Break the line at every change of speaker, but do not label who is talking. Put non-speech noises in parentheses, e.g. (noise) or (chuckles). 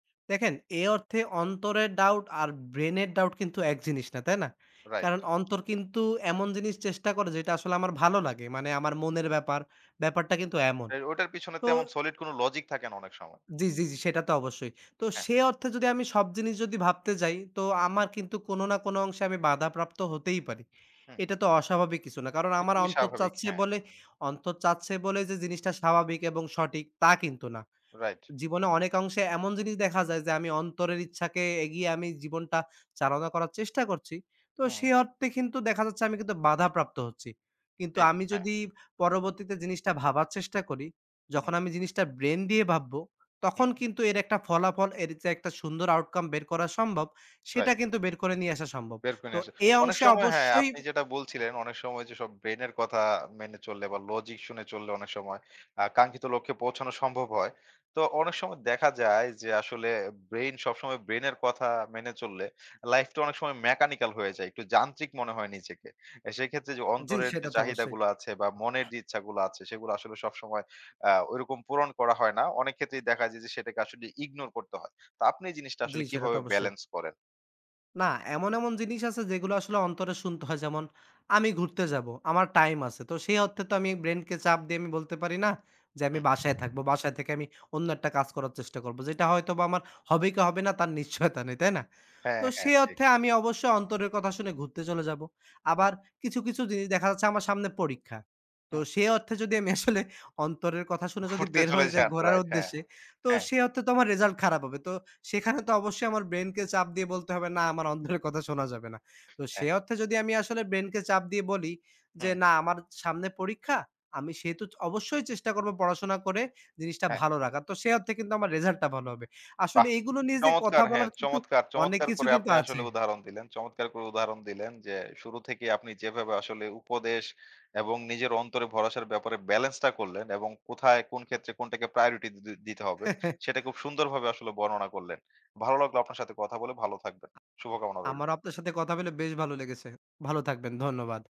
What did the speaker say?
দেখেন। এ অর্থে অন্তরের doubt আর brain এর doubt কিন্তু এক জিনিস না। তাই না?
রাইট।
কারণ অন্তর কিন্তু এমন জিনিস চেষ্টা করে যে, আসলে আমার ভালো লাগে। মানে আমার মনের ব্যাপার, ব্যাপারটা কিন্তু এমন।
এই ওটার পিছনে
তো
তেমন solid কোন logic থাকে না অনেক সময়।
জি, জি, জি, সেটা তো অবশ্যই। তো
হ্যাঁ।
সে অর্থে যদি আমি সব জিনিস যদি ভাবতে যাই, তো আমার কিন্তু কোন না কোন অংশে আমি বাধাপ্রাপ্ত হতেই পারি।
হু।
এটা তো অস্বাভাবিক কিছু না। কারণ আমার
খুবই
অন্তর
স্বাভাবিক
চাচ্ছে
হ্যাঁ।
বলে অন্তর চাচ্ছে বলে যে, জিনিসটা স্বাভাবিক এবং সঠিক তা কিন্তু না।
রাইট।
জীবনে অনেক অংশে এমন জিনিস দেখা যায় যে, আমি অন্তরের ইচ্ছাকে এগিয়ে আমি জীবনটা চালনা করার চেষ্টা করছি। তো
হুম।
সেই অর্থে কিন্তু দেখা যাচ্ছে আমি কিন্তু বাধাপ্রাপ্ত হচ্ছি কিন্তু
ঠিক,
আমি
হ্যাঁ।
যদি পরবর্তীতে জিনিসটা ভাবার চেষ্টা করি
হু।
যখন আমি জিনিসটা brain দিয়ে ভাববো। তখন
হু।
কিন্তু এর একটা ফলাফল এর যে, একটা সুন্দর outcome বের করা সম্ভব সেটা
রাইট।
কিন্তু বের করে নিয়ে আসা সম্ভব।
বের করে
তো
নিয়ে আসে।
এই
অনেক
অংশে
সময় হ্যাঁ,
অবশ্যই
আপনি যেটা বলছিলেন অনেক সময় যে, সব brain এর কথা মেনে চললে বা logic শুনে চললে অনেক সময় আ আকাঙ্ক্ষিত লক্ষ্যে পৌঁছানো সম্ভব হয়। তো অনেক সময় দেখা যায় যে, আসলে brain সবসময় brain এর কথা মেনে চললে life টা অনেক সময় mechanical হয়ে যায়। একটু যান্ত্রিক মনে হয় নিজেকে। এ সেক্ষেত্রে যে,
জ্বি,
অন্তরের যে,
সেটা তো
চাহিদা
অবশ্যই।
গুলো আছে বা মনের যে, ইচ্ছাগুলো আছে সেগুলো আসলে সবসময় আ ঐরকম পূরণ করা হয় না। অনেক ক্ষেত্রেই দেখা যায় যে, সেটাকে আসলে ignore করতে হয়। তো আপনি জিনিসটা
জ্বি,
আসলে
সেটা তো
কিভাবে
অবশ্যই।
balance করেন?
না। এমন, এমন, জিনিস আছে যেগুলো আসলে অন্তরে শুনতে হয় যেমন আমি ঘুরতে যাবো। আমার time আছে। তো সেই অর্থে তো আমি brain কে চাপ দিয়ে আমি বলতে পারি না, যে, আমি
হুম।
বাসায় থাকবো। বাসায় থেকে আমি অন্য একটা কাজ করার চেষ্টা করবো। যেটা হয়তোবা আমার হবে কি হবে না তার নিশ্চয়তা নেই, তাই না? তো
হ্যাঁ, হ্যাঁ,
সেই
জি।
অর্থে আমি অবশ্যই অন্তরের কথা শুনে ঘুরতে চলে যাবো।
হু।
আবার কিছু, কিছু, জিনিস দেখা যাচ্ছে আমার সামনে পরীক্ষা। তো
হুম।
সে অর্থে যদি আমি আসলে (scoffs) অন্তরের কথা শুনে যদি
ঘুরতে
বের
চলে
হয়ে যাই
যান।
ঘোরার
রাইট হ্যাঁ,
উদ্দেশ্যে, তো
হ্যাঁ।
সে অর্থে তো আমার result খারাপ হবে। তো সেখানে তো অবশ্যই আমার brain কে চাপ দিয়ে বলতে হবে না আমার অন্তরের কথা শোনা যাবে না। তো সে
হ্যাঁ।
অর্থে যদি আমি আসলে brain কে চাপ দিয়ে বলি যে,
হুম।
না আমার সামনে পরীক্ষা, আমি সেহেতু অবশ্যই চেষ্টা করবো পড়াশোনা করে জিনিসটা
হ্যাঁ।
ভালো রাখার। তো সেই অর্থে কিন্তু আমার result (scoffs) টা ভালো হবে।
বাহ!
আসলে এগুলো নিয়ে যে, কথা
চমৎকার হ্যাঁ,
বলার কিন্তু
চমৎকার,
অনেক
চমৎকার,
কিছু
করে
কিন্তু
আপনি আসলে
আছে।
উদাহরণ দিলেন। চমৎকার করে উদাহরণ দিলেন যে, শুরু থেকেই আপনি যেভাবে আসলে উপদেশ এবং নিজের অন্তরে ভরসার ব্যাপারে balance টা করলেন এবং কোথায় কোন ক্ষেত্রে কোনটাকে priority দি দিতে হবে
(chuckles)
সেটা খুব সুন্দরভাবে আসলে বর্ণনা করলেন। ভালো লাগলো আপনার সাথে কথা বলে ভালো থাকবেন। শুভকামনা রইলো।
আমারও আপনার সাথে কথা বেলে বেশ ভালো লেগেছে। ভালো থাকবেন। ধন্যবাদ।